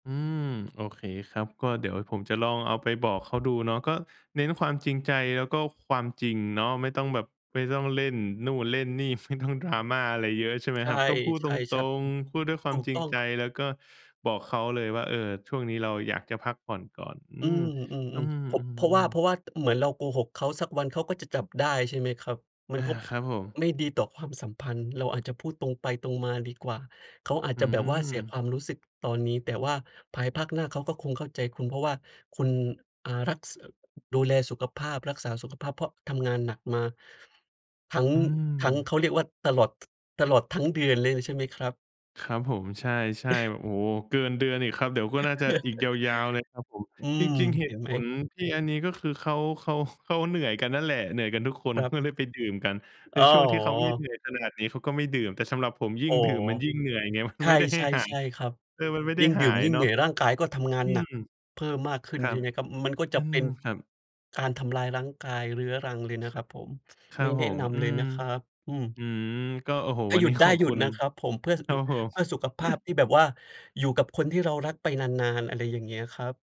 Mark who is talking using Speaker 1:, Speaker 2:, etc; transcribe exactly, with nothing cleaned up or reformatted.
Speaker 1: อืม โอเคครับ ก็เดี๋ยวผมจะลองเอาไปบอกเขาดูเนาะ ก็เน้นความจริงใจ แล้วก็ความจริงเนาะ ไม่ต้องแบบ ไม่ต้องเล่นนู่นเล่นนี่ ฟ ไม่ต้อง Drama อะไรเยอะ ใช่ไหม
Speaker 2: ใช
Speaker 1: ค
Speaker 2: ่
Speaker 1: รับ? ก็พูด
Speaker 2: ใช
Speaker 1: ต
Speaker 2: ่คช
Speaker 1: ร
Speaker 2: ับ
Speaker 1: ง ๆ พูดด้วยคว
Speaker 2: ถ
Speaker 1: า
Speaker 2: ู
Speaker 1: ม
Speaker 2: ก
Speaker 1: จริ
Speaker 2: ต
Speaker 1: ง
Speaker 2: ้อง
Speaker 1: ใจ
Speaker 2: ค
Speaker 1: แล้วก็บอกเขาเลยว่า "เออ ช่วงนี้เราอยากจะพักผ่อนก่อน" อื
Speaker 2: อื
Speaker 1: ม อื
Speaker 2: อ ๆ ๆ พบ เพราะว่า
Speaker 1: ม ๆ
Speaker 2: เพร
Speaker 1: ๆ
Speaker 2: าะว่า เหมือนเราโกหกเขา สักวันเขาก็จะจับได้ใช่ไหมครับ? มั
Speaker 1: อ
Speaker 2: น
Speaker 1: า
Speaker 2: ก็
Speaker 1: ครับผม
Speaker 2: ไม่ดีต่อความสัมพันธ์ เราอาจจะพูดตรงไปตรงมาดีกว่า เขาอาจ
Speaker 1: อื
Speaker 2: จะแบบว่าเสีย
Speaker 1: ม
Speaker 2: ความรู้สึกตอนนี้ แต่ว่าภายภาคหน้าเขาก็คงเข้าใจคุณ เพราะว่าคุณ อ่า รัก ส ดูแลสุขภาพ รักษาสุขภาพ เพราะทำงานหนักมา ทั้ง ทั้ง เขาเรียกว่า ตลอด ท ตลอดทั้งเดือนเลยนะใช่ไหมครับ?
Speaker 1: ครับผม ใช่ ๆ แบบ โอ้โฮ เกินเดือนอีกครับ เดี๋ยวก็น่าจะอีกยาว ๆ เลยครับผม
Speaker 2: อื
Speaker 1: จ
Speaker 2: ม
Speaker 1: ริง ๆ เห
Speaker 2: เ
Speaker 1: ต
Speaker 2: ห็
Speaker 1: ุ
Speaker 2: น
Speaker 1: ผ
Speaker 2: ไหม?
Speaker 1: ลที่อันนี้ก็คือเขา เขา เขาเหนื่อยกันนั่นแหละ เหนื่อยกันทุกคน
Speaker 2: ค
Speaker 1: เข
Speaker 2: รั
Speaker 1: า
Speaker 2: บ
Speaker 1: ก็เลยไปดื่มกัน ใน
Speaker 2: อ๋อ
Speaker 1: ช่วงที่เขาไม่เหนื่อยขนาดนี้เขาก็ไม่ดื่ม แต่สำหรับผมยิ่
Speaker 2: อ
Speaker 1: ง
Speaker 2: ๋อ
Speaker 1: ดื่มมันยิ่งเหนื่อยไง มัน
Speaker 2: ใ
Speaker 1: ไม่ได้ใ
Speaker 2: ช
Speaker 1: ห้หะ
Speaker 2: ่ ๆ ๆ ครับ
Speaker 1: เออ มันไม่ได
Speaker 2: ย
Speaker 1: ้
Speaker 2: ิ่ง
Speaker 1: ห
Speaker 2: ดื
Speaker 1: า
Speaker 2: ่ม
Speaker 1: ย
Speaker 2: ยิ่ง
Speaker 1: เนา
Speaker 2: เหน
Speaker 1: ะ
Speaker 2: ื่อย ร่างกายก็ทำงาน
Speaker 1: อื
Speaker 2: หนั
Speaker 1: ม
Speaker 2: กเพิ่มมากขึ้น
Speaker 1: ครั
Speaker 2: ใช่
Speaker 1: บ
Speaker 2: ไหมครับ? มันก็จ
Speaker 1: อื
Speaker 2: ะเป
Speaker 1: ม
Speaker 2: ็น
Speaker 1: ครับ
Speaker 2: การทำลายรั้งกาย เรื้อรังเลยนะครับผม
Speaker 1: คร
Speaker 2: ไ
Speaker 1: ั
Speaker 2: ม่
Speaker 1: บ
Speaker 2: แ
Speaker 1: ผ
Speaker 2: นะ
Speaker 1: ม
Speaker 2: น
Speaker 1: อื
Speaker 2: ำเลย
Speaker 1: ม
Speaker 2: นะครับ อืม
Speaker 1: อืม ก็ โอ้โฮ
Speaker 2: ถ้
Speaker 1: ว
Speaker 2: า
Speaker 1: ัน
Speaker 2: หยุ
Speaker 1: นี
Speaker 2: ด
Speaker 1: ้
Speaker 2: ได
Speaker 1: ข
Speaker 2: ้
Speaker 1: อบ
Speaker 2: หยุ
Speaker 1: คุ
Speaker 2: ด
Speaker 1: ณ
Speaker 2: นะครับผม เพื่อส
Speaker 1: ค
Speaker 2: ะ
Speaker 1: รั
Speaker 2: ดุ
Speaker 1: บผม
Speaker 2: เพื่อสุขภาพที่แบบว่าอยู่กับคนที่เรารักไปนาน ๆ อะไรอย่างเงี้ยครับ